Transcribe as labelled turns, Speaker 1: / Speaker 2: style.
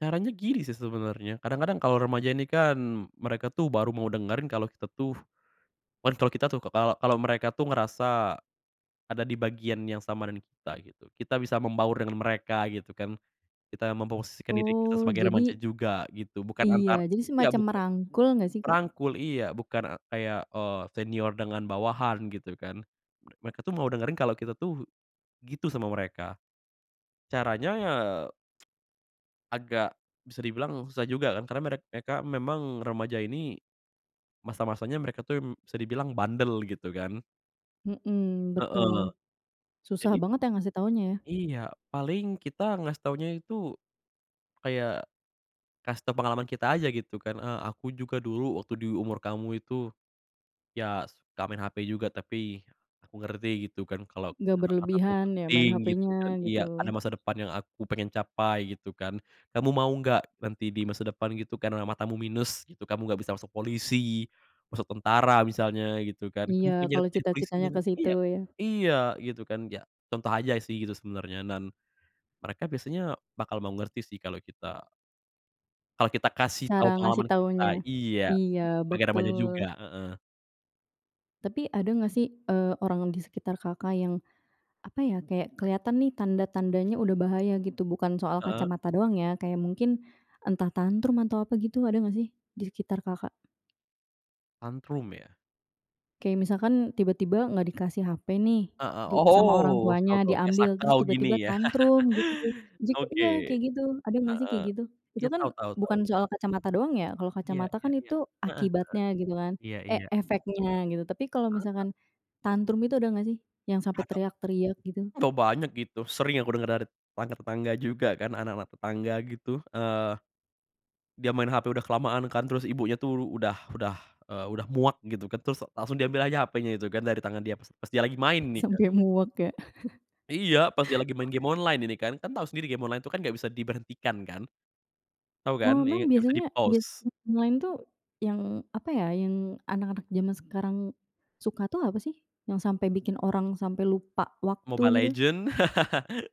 Speaker 1: Caranya gini sih sebenernya kadang-kadang kalo remaja ini kan, mereka tuh baru mau dengerin kalo kita tuh, kan kalo kita tuh k kalau kalau mereka tuh ngerasa ada di bagian yang sama dengan kita gitu, kita bisa membaur dengan mereka gitu kan, kita memposisikan diri kita
Speaker 2: Oh,
Speaker 1: sebagai remaja
Speaker 2: jadi
Speaker 1: juga gitu, bukan antar
Speaker 2: Iya, jadi
Speaker 1: ya,
Speaker 2: semacam
Speaker 1: buka
Speaker 2: merangkul nggak sih, Kak?
Speaker 1: rangkul, iya. Bukan a kayak, eee, senior dengan bawahan gitu kan. Mereka tuh mau dengerin kalo kita tuh, gitu sama mereka. Caranya ya, agak, bisa dibilang susah juga kan karena merek mereka memang remaja ini, masa-masanya mereka tuh, mmm, bisa dibilang bandel gitu kan.
Speaker 2: Mhm,
Speaker 1: Heeh,
Speaker 2: betul. Susah
Speaker 1: jadi
Speaker 2: banget ya ngasih taunya ya?
Speaker 1: Iya, paling kita ngasih taunya itu, kayak, kasih tau pengalaman kita aja gitu kan, eee, "Aku juga dulu waktu di umur kamu itu, ya suka main HP juga tapi aku ngerti gitu kan kalau
Speaker 2: Nggak
Speaker 1: kesehatan mataku
Speaker 2: berlebihan ya main
Speaker 1: penting," gitu
Speaker 2: HP-nya,
Speaker 1: kan iya, "Ada
Speaker 2: gitu.
Speaker 1: masa depan yang aku pengen capai," gitu kan, "Kamu mau gak, nanti di masa depan," gitu kan, "karena matamu minus gitu, kamu gak bisa masuk polisi, masuk tentara misalnya," gitu kan, "kamu
Speaker 2: Iya,
Speaker 1: pengen jadi
Speaker 2: kalau
Speaker 1: jadi polisi
Speaker 2: cita-citanya
Speaker 1: kan,"
Speaker 2: ke situ
Speaker 1: iya
Speaker 2: ya.
Speaker 1: iya, gitu kan ya, contoh aja sih gitu sebenarnya, dan mereka biasanya bakal mau ngerti sih kalau kita kalau kita kasih tau
Speaker 2: Cara ngasih
Speaker 1: pengalaman kita
Speaker 2: taunya,
Speaker 1: iya,
Speaker 2: iya,
Speaker 1: sebagai remaja juga
Speaker 2: betul.
Speaker 1: heeh.
Speaker 2: Tapi ada nggak sih, eee, orang di sekitar Kakak yang apa ya kayak kelihatan nih tanda-tandanya udah bahaya gitu bukan soal
Speaker 1: Heeh.
Speaker 2: kacamata doang ya kayak mungkin, entah tantrum atau apa gitu ada nggak sih di sekitar Kakak?
Speaker 1: Tantrum ya?
Speaker 2: Kayak misalkan, tiba-tiba nggak dikasih HP nih
Speaker 1: Heeh
Speaker 2: di sama orang
Speaker 1: oh, tau
Speaker 2: tuanya
Speaker 1: tau kayak
Speaker 2: diambil terus
Speaker 1: sakau gini
Speaker 2: tiba-tiba
Speaker 1: ya,
Speaker 2: tantrum gitu, jika
Speaker 1: oke,
Speaker 2: iya, kayak gitu ada gak sih
Speaker 1: heeh,
Speaker 2: kayak gitu? Itu
Speaker 1: iya, tau
Speaker 2: kan
Speaker 1: tau tau.
Speaker 2: bukan soal kacamata doang ya kalau
Speaker 1: Iya
Speaker 2: kacamata
Speaker 1: iya
Speaker 2: kan
Speaker 1: iya,
Speaker 2: itu
Speaker 1: heeh heeh.
Speaker 2: akibatnya gitu kan,
Speaker 1: Iya
Speaker 2: e
Speaker 1: iya.
Speaker 2: efeknya gitu, tapi kalau
Speaker 1: Anget nggak?
Speaker 2: misalkan tantrum itu ada gak sih, yang sampai
Speaker 1: [unintelligible]
Speaker 2: teriak-teriak gitu?
Speaker 1: oh, banyak gitu sering yang aku denger dari tetangga-tetangga juga kan, anak-anak tetangga gitu, eee, dia main HP udah kelamaan kan terus ibunya tuh udah udah, eee, udah muak gitu kan terus langsung diambil aja HP-nya itu kan dari tangan dia pas pas dia lagi main nih kan.
Speaker 2: Sampai muak ya.
Speaker 1: Iya, pas dia lagi main game online ini kan, kan tau sendiri game online tuh kan gak bisa diberhentikan kan, tau kan?
Speaker 2: Oh,
Speaker 1: Iya,
Speaker 2: memang
Speaker 1: gak bisa
Speaker 2: biasanya bia
Speaker 1: di-pause.
Speaker 2: m main tuh yang apa ya, yang anak-anak zaman sekarang suka tuh apa sih? Yang sampai bikin orang sampai lupa waktu
Speaker 1: Mobile
Speaker 2: gitu?
Speaker 1: Legend.